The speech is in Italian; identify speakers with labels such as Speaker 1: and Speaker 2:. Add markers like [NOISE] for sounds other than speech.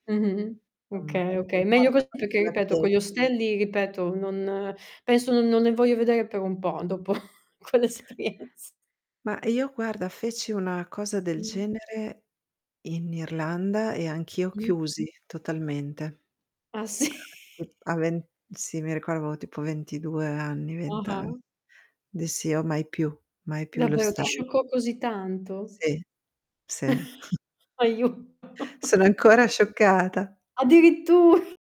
Speaker 1: Mh-mh.
Speaker 2: Insomma
Speaker 1: Okay,
Speaker 2: che
Speaker 1: oka Meglio
Speaker 2: importa
Speaker 1: così,
Speaker 2: qua
Speaker 1: perché ripeto
Speaker 2: [UNINTELLIGIBLE]
Speaker 1: con gli ostelli, ripeto, non penso non non ne voglio vedere per un po' dopo quell'esperienz
Speaker 2: Ma io guarda feci una cosa del
Speaker 1: Mh.
Speaker 2: genere in Irlanda, e anch'io
Speaker 1: Mh.
Speaker 2: chiusi totalmente.
Speaker 1: Ah, sì?
Speaker 2: Sì p a ven Sì, mi ricordavo avevo tipo 22 anni, 20 an
Speaker 1: Ah-ah.
Speaker 2: Dissi, uhm: "Mai più, mai più lo"
Speaker 1: Davvero ti
Speaker 2: [UNINTELLIGIBLE]
Speaker 1: scioccò così tanto?
Speaker 2: Sì. Sì. [CHUCKLES]
Speaker 1: [CHUCKLES] Aiu
Speaker 2: Sono
Speaker 1: [CHUCKLES]
Speaker 2: ancora scioccata.
Speaker 1: Addirittu [CHUCKLES]